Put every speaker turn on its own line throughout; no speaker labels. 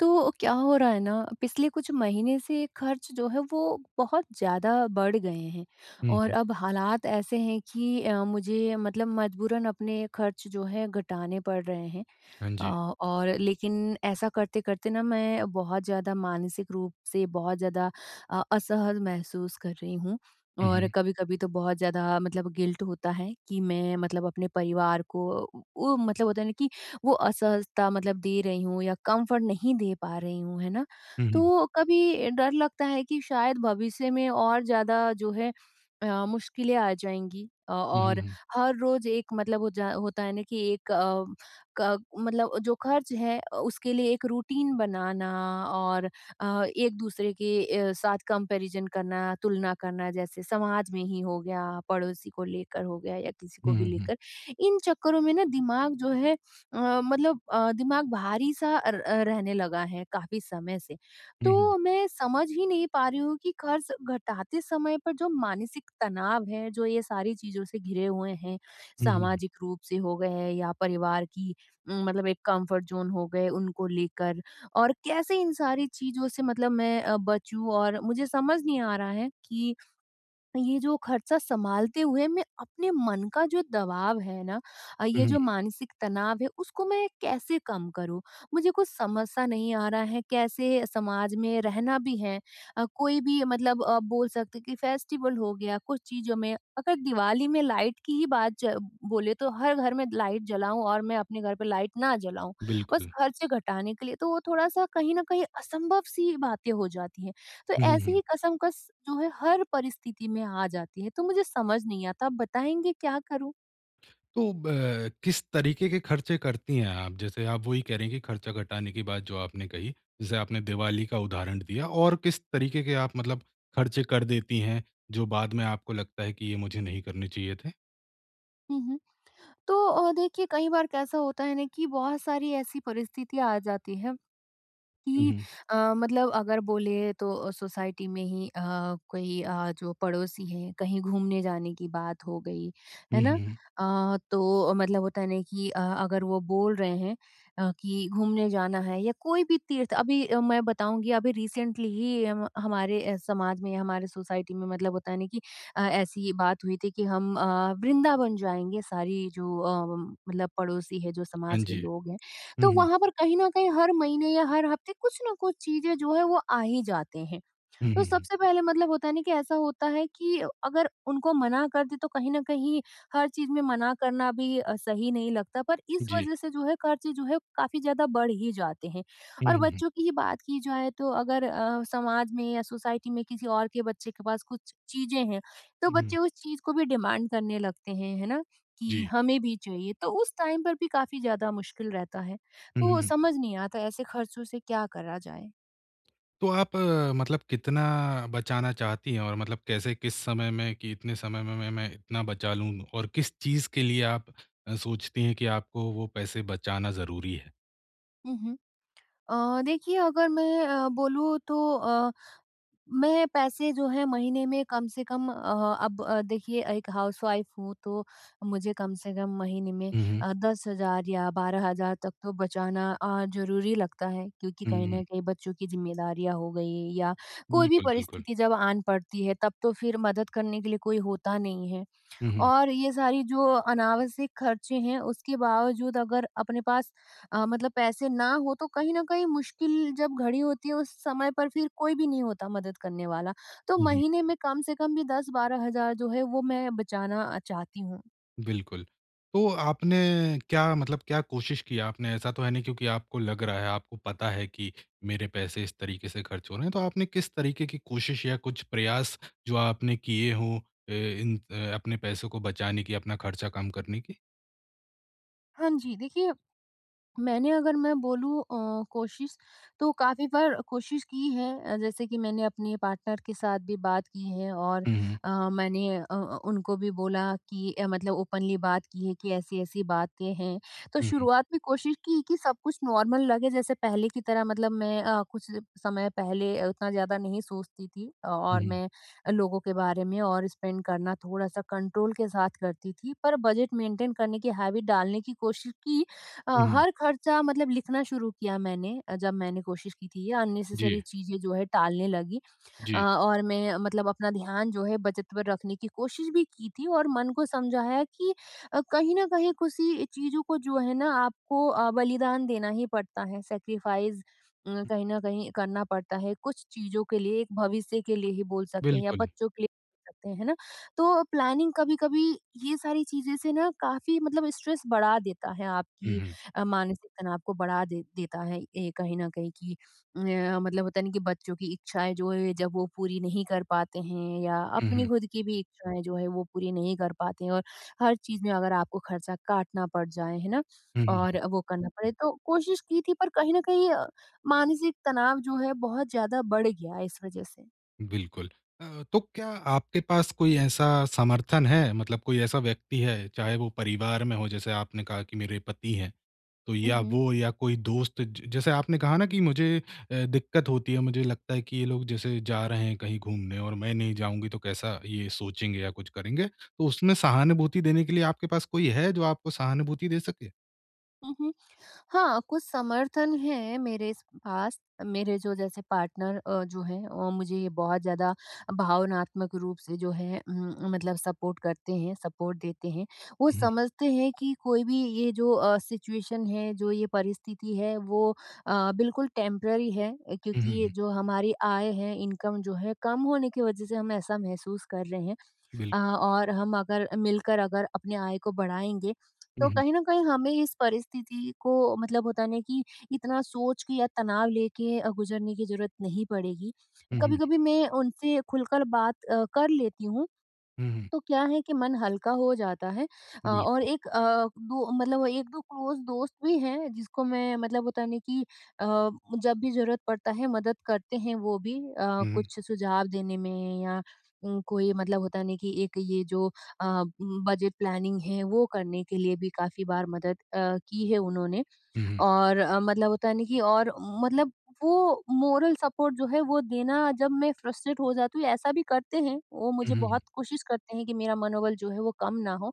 तो क्या हो रहा है ना, पिछले कुछ महीने से खर्च जो है वो बहुत ज़्यादा बढ़ गए हैं।
हुँ,
और
हुँ।
अब हालात ऐसे हैं कि अ, मुझे मतलब मजबूरन अपने खर्च जो है घटाने पड़ रहे हैं।
हाँ
अ,
जी।
और लेकिन ऐसा करते-करते ना मैं बहुत ज़्यादा मानसिक रूप से बहुत ज़्यादा अ, असहज महसूस कर रही हूँ,
हुँ,
और
हुँ।
कभी-कभी तो बहुत ज़्यादा मतलब गिल्ट होता है, कि मैं मतलब अपने परिवार को उ मतलब होता है ना कि वो असहजता मतलब दे रही हूँ या कम्फर्ट नहीं दे पा रही हूँ, है ना?
हुँ, हुँ।
तो कभी डर लगता है कि शायद भविष्य में और ज़्यादा जो है अ, मुश्किलें आ जाएँगी। अ,
हुँ, हुँ,
और
हुँ।
हर रोज़ एक मतलब हो जा होता है ना कि एक अ, क मतलब जो खर्च है अ, उसके लिए एक रूटीन बनाना और अ, एक-दूसरे के अ, साथ कंपैरिजन करना तुलना करना जैसे समाज में ही हो गया, पड़ोसी को लेकर हो गया या किसी
हुँ,
को भी
हुँ, हुँ।
लेकर। इन चक्करों में ना दिमाग जो है अ, मतलब अ, दिमाग भारी-सा र रहने लगा है काफ़ी समय से।
हुँ, हुँ।
तो मैं समझ ही नहीं पा रही हूँ कि कर्ज़ घटाते समय पर जो मानसिक तनाव है जो ये सारी चीज़ों से घिरे हुए हैं,
हुँ, हुँ, हुँ।
सामाजिक रूप से हो गए हैं या परिवार की उम, मतलब एक कम्फर्ट ज़ोन हो गए उनको लेकर, और कैसे इन सारी चीज़ों से मतलब मैं अ, बचूँ और मुझे समझ नहीं आ रहा है कि ये जो खर्चा सँभालते हुए मैं अपने मन का जो दबाव है ना अ,
हुँ,
ये
हुँ,
जो
हुँ।
मानसिक तनाव है, उसको मैं कैसे कम करूँ? मुझे कुछ समझ सा नहीं आ रहा है कैसे समाज में रहना भी है, अ, कोई भी मतलब अ, बोल सकते है कि फेस्टिवल हो गया, कुछ चीज़ों में अगर दिवाली में लाइट की ही बात च बोले तो हर घर में लाइट जलाऊँ और मैं अपने घर पे लाइट ना जलाऊँ, बस
बिल्कुल।
खर्चे घटाने के लिए तो वो थोड़ा-सा कहीं न कहीं असंभव सी बातें हो जाती हैं। तो
हुँ, हुँ,
ऐसी
हुँ।
ही कशमकश जो है हर परिस्थिति में आ जाती है, तो मुझे समझ नहीं आता आप बताएँगे क्या करूँ?
तो ब किस तरीके के खर्चे करती हैं आप? जैसे आप वही कह रही हैं कि खर्चा घटाने की बात जो आपने कही, जैसे आपने दिवाली का उदाहरण दिया। और किस तरीके के आप मतलब खर्चे कर देती हैं, जो बाद में आपको लगता है कि ये मुझे नहीं करने चाहिए थे?
हुँ, हुँ। तो अ, देखिए कई बार कैसा होता है ना कि बहुत सारी ऐसी परिस्थितियाँ आ जाती हैं।
हुँ,
कि
हुँ।
अ, मतलब अगर बोलें तो सोसाइटी में ही अ, कोई अ, जो पड़ोसी हैं कहीं घूमने जाने की बात हो गई,
हुँ,
है
हुँ,
ना।
हुँ।
अ, तो मतलब होता है ना कि अ, अगर वो बोल रहे हैं अ, कि घूमने जाना है या कोई भी तीर्थ अभी अ, मैं बताऊँगी अभी रिसेंटली ही हम हमारे अ, समाज में या हमारे सोसाइटी में मतलब होता नहीं कि अ, ऐसी बात हुई थी कि हम अ, वृंदावन जाएँगे सारी जो अम मतलब पड़ोसी हैं जो
हाँ
समाज के
जी।
लोग हैं।
हुँ,
तो
हुँ।
वहाँ पर कहीं न कहीं हर महीने या हर हफ़्ते कुछ न कुछ चीज़ें जो हैं वो आ ही जाते हैं।
हुँ,
तो
हुँ, हुँ।
सबसे पहले मतलब होता नहीं कि ऐसा होता है कि अगर उनको मना कर दे तो कहीं न कहीं हर चीज़ में मना करना भी अ, सही नहीं लगता पर इस
जी।
वजह से जो है खर्चे जो है काफ़ी ज़्यादा बढ़ ही जाते हैं।
हुँ,
और
हुँ, हुँ।
बच्चों की ही बात की जाए तो अगर अ, समाज में या सोसाइटी में किसी और के बच्चे के पास कुछ चीज़ें हैं तो
उहुँ।
बच्चे उस चीज़ को भी डिमांड करने लगते हैं, है ना, कि
जी।
हमें भी चाहिए। तो उस टाइम पर भी काफ़ी ज़्यादा मुश्किल रहता है।
हुँ,
तो
हुँ।
समझ नहीं आता ऐसे खर्चों से क्या करा जाए?
तो आप अ, मतलब कितना बचाना चाहती हैं? और मतलब कैसे किस समय में कि इतने समय में में ,मैं मैं इतना बचा लूँ? और किस चीज़ के लिए आप अ, सोचती हैं कि आपको वो पैसे बचाना ज़रूरी है?
हुँ, हुँ। अ, देखिए अगर मैं अ, बोलूँ तो अ, मैं पैसे जो हैं महीने में कम से कम अ, अब देखिए एक हाउस-वाइफ हूँ तो मुझे कम से कम महीने में
हुँ, हुँ।
अ, 10,000 या 12,000 तक तो बचाना अ, ज़रूरी लगता है। क्योंकि
हुँ,
कहीं न
हुँ।
कहीं बच्चों की ज़िम्मेदारियाँ हो गई या कोई भी
बिल्कुल, बिल्कुल।
परिस्थिति जब आन पड़ती है तब तो फिर मदद करने के लिए कोई होता नहीं है।
हुँ, हुँ।
और ये सारी जो अनावश्यक ख़र्चे हैं उसके बावजूद अगर अपने पास अ, मतलब पैसे ना हो तो कहीं न कहीं मुश्किल जब घड़ी होती है उस समय पर फिर कोई भी नहीं होता मदद करने वाला। तो
हुँ, हुँ।
महीने में कम से कम भी 10-12,000 जो है वो मैं बचाना अ, चाहती हूँ।
बिल्कुल। तो आपने क्या मतलब क्या कोशिश की आपने? ऐसा तो है नहीं क्योंकि आपको लग रहा है, आपको पता है कि मेरे पैसे इस तरीके से ख़र्च हो रहे हैं। तो आपने किस तरीके की कोशिश या कुछ प्रयास जो आपने किए हों अ, इन अ, अपने पैसों को बचाने की, अपना ख़र्चा कम करने की?
हाँ जी। देखिए, मैंने अगर मैं बोलूँ अ, कोशिश तो काफ़ी बार कोशिश की है अ, जैसे कि मैंने अपने पार्टनर के साथ भी बात की है और
हुँ, हुँ।
अ, मैंने अ अ, उनको भी बोला कि अ, मतलब ओपनली बात की है कि ऐसी-ऐसी बातें हैं। तो
उहुँ।
शुरुआत में कोशिश की कि सब कुछ नॉर्मल लगे जैसे पहले की तरह मतलब मैं अ, कुछ समय पहले उतना ज़्यादा नहीं सोचती थी और
हुँ।
मैं अ, लोगों के बारे में और स्पेंड करना थोड़ा-सा कंट्रोल के साथ करती थी पर बजट मैन्टेन करने की हैबिट डालने की कोशिश की। अ,
उहुँ।
हर ख़र्चा मतलब लिखना शुरू किया मैंने अ, जब मैंने कोशिश की थी, ये अननेसेसरी
जी।
चीज़ें जो हैं टालने लगी। अ,
जी।
और मैं मतलब अपना ध्यान जो है बचत पर रखने की कोशिश भी की थी और मन को समझाया कि अ, कहीं न कहीं किसी चीज़ों को जो है ना आपको अ, बलिदान देना ही पड़ता है, सैक्रिफाइस अ, कहीं न कहीं करना पड़ता है कुछ चीज़ों के लिए एक भविष्य के लिए ही बोल सकते हैं या
बिल्कुल।
बच्चों के लिए बोल सकते हैं। है ना? तो प्लानिंग कभी-कभी ये सारी चीज़ें से ना काफ़ी मतलब स्ट्रेस बढ़ा देता है,
हुँ,
आपकी
हुँ।
अ, मानसिक तनाव को बढ़ा दे देता है ये कहीं न कहीं कि न मतलब होता है ना कि बच्चों की इच्छाएँ जो हैं जब वो पूरी नहीं कर पाते हैं या
हुँ,
अपनी
हुँ।
खुद की भी इच्छाएँ जो हैं वो पूरी नहीं कर पाते हैं और हर चीज़ में अगर आपको खर्चा काटना पड़ जाए है ना?
हुँ, हुँ।
और वो करना पड़े तो कोशिश की थी पर कहीं न कहीं अ, मानसिक तनाव जो है बहुत ज़्यादा बढ़ गया इस वज़ह से।
बिल्कुल, अ, तो क्या आपके पास कोई ऐसा समर्थन है? मतलब कोई ऐसा व्यक्ति है, चाहे वो परिवार में हो जैसे आपने कहा कि मेरे पति हैं, तो या
उहुँ।
वो या कोई दोस्त ज जैसे आपने कहा ना कि मुझे अ, दिक्कत होती है मुझे लगता है कि ये लोग जैसे जा रहे हैं कहीं घूमने और मैं नहीं जाऊँगी तो कैसा ये सोचेंगे या कुछ करेंगे। तो उसमें सहानुभूति देने के लिए आपके पास कोई है जो आपको सहानुभूति दे सके?
हुँ, हुँ। हाँ, कुछ समर्थन हैं मेरे स पास, मेरे जो जैसे पार्टनर अ, जो हैं अ, मुझे ये बहुत ज़्यादा भावनात्मक रूप से जो है उम उम, मतलब सपोर्ट करते हैं सपोर्ट देते हैं। वो
हुँ।
समझते हैं कि कोई भी ये जो अ, सिचुएशन है जो ये परिस्थिति है वो अ, बिल्कुल टेम्परेरी है। अ,
हुँ, हुँ,
क्योंकि ये
हुँ।
जो हमारी आय है इनकम जो है कम होने की वजह से हम ऐसा महसूस कर रहे हैं। अ,
बिल्कुल।
और हम अगर मिलकर अगर अपनी आय को बढ़ाएँगे,
हुँ,
तो
हुँ।
कहीं न कहीं हमें इस परिस्थिति को मतलब होता है ना कि इतना सोच के या तनाव लेके अ, गुज़रने की ज़रूरत नहीं पड़ेगी।
हुँ, हुँ।
कभी-कभी मैं उनसे खुलकर बात अ, कर लेती हूँ,
हुँ, हुँ।
तो क्या है कि मन हल्का हो जाता है। अ, और
बिल्कुल।
एक अ, दो मतलब 1-2 क्लोज़ दोस्त भी हैं जिसको मैं मतलब होता है ना कि अ, जब भी जरूरत पड़ता है मदद करते हैं वो भी अ,
हुँ, हुँ।
कुछ सुझाव देने में या उम, कोई मतलब होता है ना कि एक ये जो अ, उम, बजट प्लानिंग है वो करने के लिए भी काफ़ी बार मदद अ, की है उन्होंने।
हुँ, हुँ।
और अ, मतलब होता है ना कि और मतलब वो मोरल सपोर्ट जो है वो देना जब मैं फ्रस्ट्रेट हो जाती हूँ ऐसा भी करते हैं, वो
हुँ,
मुझे
हुँ, हुँ।
बहुत कोशिश करते हैं कि मेरा मनोबल जो है वो कम ना हो,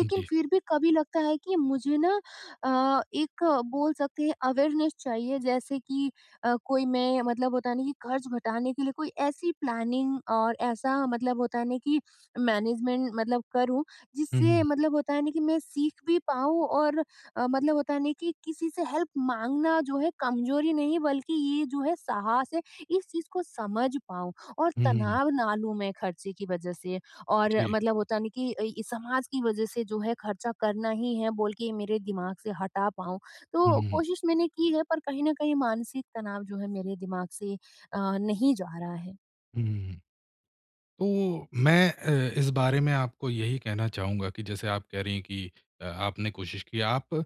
हाँ जी।
फिर भी कभी लगता है कि मुझे ना अ, एक बोल सकते हैं अवेयरनेस चाहिए जैसे कि अ, कोई मैं मतलब होता है ना कि खर्च घटाने के लिए कोई ऐसी प्लानिंग और ऐसा मतलब होता है ना कि मैनेजमेंट मतलब करूँ,
हुँ,
जिससे
हुँ।
मतलब होता है ना कि मैं सीख भी पाऊँ और अ, मतलब होता है ना कि किसी से हेल्प माँगना जो है कमजोरी नहीं बल्कि ये जो है साहस है, इस चीज़ को समझ पाऊँ, और
हुँ, हुँ, हुँ।
तनाव ना लूँ मैं खर्चे की वजह से और
जी।
मतलब होता है ना कि अ, समाज की वजह से जो है खर्चा करना ही है बोल के मेरे दिमाग से हटा पाऊँ।
हुँ,
तो
हुँ, हुँ।
कोशिश मैंने की है पर कहीं न कहीं मानसिक तनाव जो है मेरे दिमाग से अ, नहीं जा रहा है।
हुँ, तो मैं अ, इस बारे में आपको यही कहना चाहूँगा कि जैसे आप कह रही हैं कि अ, आपने कोशिश की आप अ,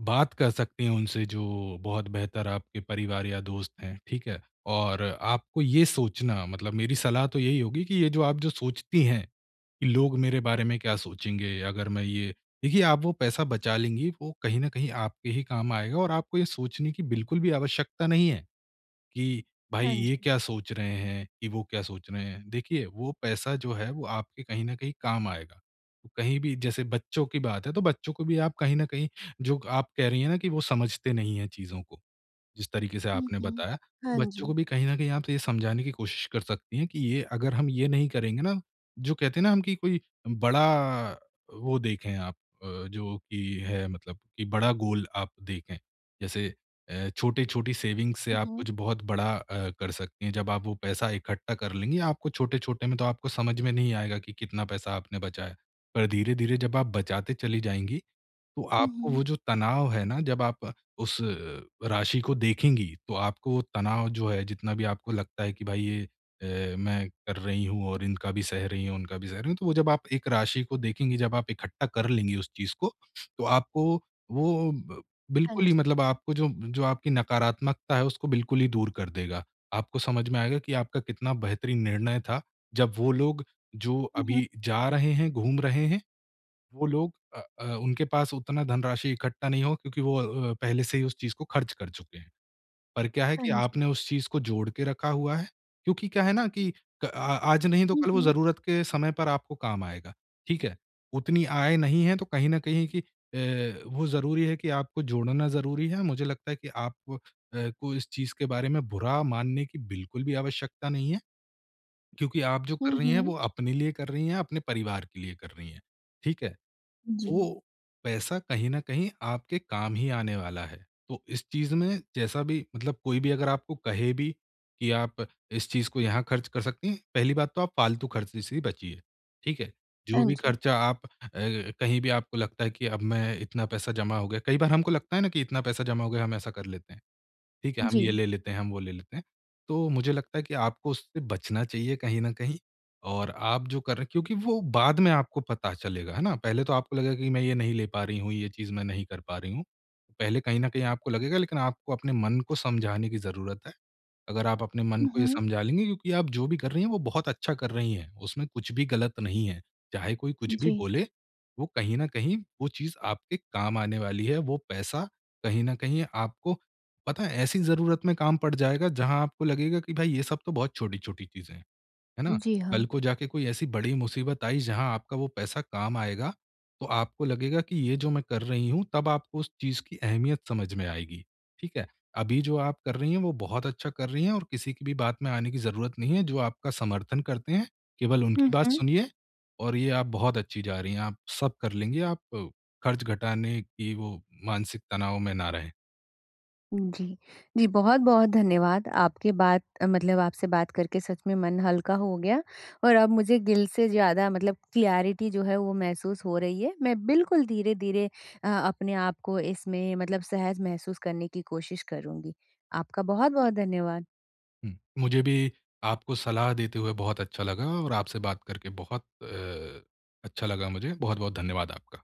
बात कर सकती हैं उनसे जो बहुत बेहतर आपके परिवार या दोस्त हैं, ठीक है? और आपको ये सोचना मतलब मेरी सलाह तो यही होगी कि ये जो आप जो सोचती हैं, कि लोग मेरे बारे में क्या सोचेंगे अगर मैं ये देखिए आप वो पैसा बचा लेंगी वो कहीं न कहीं आपके ही काम आएगा और आपको ये सोचने की बिल्कुल भी आवश्यकता नहीं है, कि भाई
हाँ
ये
जी।
क्या सोच रहे हैं कि वो क्या सोच रहे हैं। देखिए वो पैसा जो है वो आपके कहीं न कहीं काम आएगा, कहीं भी जैसे बच्चों की बात है तो बच्चों को भी आप कहीं न कहीं जो आप कह रही है ना कि वो समझते नहीं है चीज़ों को, जिस तरीके से
हुँ,
आपने
हुँ।
बताया,
हाँ
बच्चों को
जी।
भी कहीं न कहीं आप ये समझाने की कोशिश कर सकती हैं कि ये अगर हम ये नहीं करेंगे ना, जो कहते हैं ना हम कि कोई बड़ा वो देखें आप अ, जो कि है मतलब कि बड़ा गोल आप देखें। जैसे अ, छोटे-छोटे सेविंग्स से
हुँ,
आप
हुँ।
कुछ बहुत बड़ा अ, कर सकती हैं, जब आप वो पैसा इकट्ठा कर लेंगी आपको छोटे-छोटे में तो आपको समझ में नहीं आएगा कि कितना पैसा आपने बचाया, पर धीरे-धीरे जब आप बचाते चली जाएँगी तो
हुँ,
आपको
हुँ।
वो जो तनाव है ना, जब आप उस राशि को देखेंगी, तो आपको तनाव जो है जितना भी आपको लगता है कि भाई ये अ, मैं कर रही हूँ और इनका भी सह रही हूँ, उनका भी सह रही हूँ। तो वो जब आप एक राशि को देखेंगी, जब आप इकट्ठा कर लेंगी उस चीज़ को, तो आपको वो ब
हाँ
बिल्कुल ही
जी।
मतलब आपको जो जो आपकी नकारात्मकता है उसको बिल्कुल ही दूर कर देगा, आपको समझ में आएगा कि आपका कितना बेहतरीन निर्णय था, जब वो लोग जो
हुँ, हुँ।
अभी जा रहे हैं, घूम रहे हैं, वो लोग अ अ, उनके पास उतना धनराशि इकट्ठा नहीं हो क्योंकि वो अ, पहले से ही उस चीज़ को ख़र्च कर चुके हैं। पर क्या है
हाँ
कि
जी।
आपने उस चीज़ को जोड़ के रखा हुआ है, क्योंकि क्या है ना कि क आज नहीं तो
हुँ,
कल वो
हुँ।
ज़रूरत के समय पर आपको काम आएगा, ठीक है? उतनी आय नहीं है तो कहीं न कहीं कि अ, वो ज़रूरी है कि आपको जोड़ना ज़रूरी है मुझे लगता है कि आप अ, को इस चीज़ के बारे में बुरा मानने की बिल्कुल भी आवश्यकता नहीं है, क्योंकि आप जो
हुँ,
कर रही हैं
हुँ।
वो अपने लिए कर रही है, अपने परिवार के लिए कर रही है, ठीक है?
जी।
वो पैसा कहीं न कहीं आपके काम ही आने वाला है। तो इस चीज़ में जैसा भी मतलब कोई भी अगर आपको कहे भी कि आप इस चीज़ को यहाँ ख़र्च कर सकती हैं, पहली बात तो आप फ़ालतू ख़र्चे से ही बचिए, ठीक है? जो
हाँ
भी
जी।
ख़र्चा आप अ, कहीं भी आपको लगता है कि अब मैं इतना पैसा जमा हो गया कई बार हमको लगता है ना कि इतना पैसा जमा हो गया हम ऐसा कर लेते हैं, ठीक है? हम ये
जी।
ले लेते हैं, हम वो ले लेते हैं। तो मुझे लगता है कि आपको उससे बचना चाहिए कहीं न कहीं और आप जो कर रहे क्योंकि वो बाद में आपको पता चलेगा, है ना? पहले तो आपको लगेगा कि मैं ये नहीं ले पा रही हूँ, ये चीज़ मैं नहीं कर पा रही हूँ। पहले कहीं न कहीं आपको लगेगा लेकिन आपको अपने मन को समझाने की ज़रूरत है। अगर आप अपने मन
हुँ,
को ये
हुँ।
समझा लेंगे क्योंकि आप जो भी कर रही हैं वो बहुत अच्छा कर रही हैं, उसमें कुछ भी गलत नहीं है। चाहे कोई कुछ भी
जी।
बोले वो कहीं न कहीं वो चीज़ आपके काम आने वाली है, वो पैसा कहीं न कहीं आपको पता है ऐसी ज़रूरत में काम पड़ जाएगा जहाँ आपको लगेगा कि भाई ये सब तो बहुत छोटी-छोटी चीज़ें हैं, है ना?
जी हाँ।
कल को जाके कोई ऐसी बड़ी मुसीबत आई जहाँ आपका वो पैसा काम आएगा, तो आपको लगेगा कि ये जो मैं कर रही हूँ तब आपको उस चीज़ की अहमियत समझ में आएगी, ठीक है? अभी जो आप कर रही हैं वो बहुत अच्छा कर रही हैं और किसी की भी बात में आने की ज़रूरत नहीं है जो आपका समर्थन करते हैं, केवल उनकी
हुँ,
बात
हुँ।
सुनिए और ये आप बहुत अच्छी जा रही हैं, आप सब कर लेंगी आप ख़र्च घटाने की वो मानसिक तनाव में ना रहे।
उ, जी। जी, बहुत-बहुत धन्यवाद, आपके बात, मतलब आपसे बात करके सच में मन हल्का हो गया। और अब मुझे दिल से ज़्यादा मतलब क्लैरिटी जो है वो महसूस हो रही है मैं बिल्कुल धीरे-धीरे अ, अपने आप को इसमें मतलब सहज महसूस करने की कोशिश करूँगी, आपका बहुत-बहुत धन्यवाद।
हुँ, मुझे भी आपको सलाह देते हुए बहुत अच्छा लगा और आपसे बात करके बहुत अ, अच्छा लगा मुझे। बहुत-बहुत धन्यवाद आपका।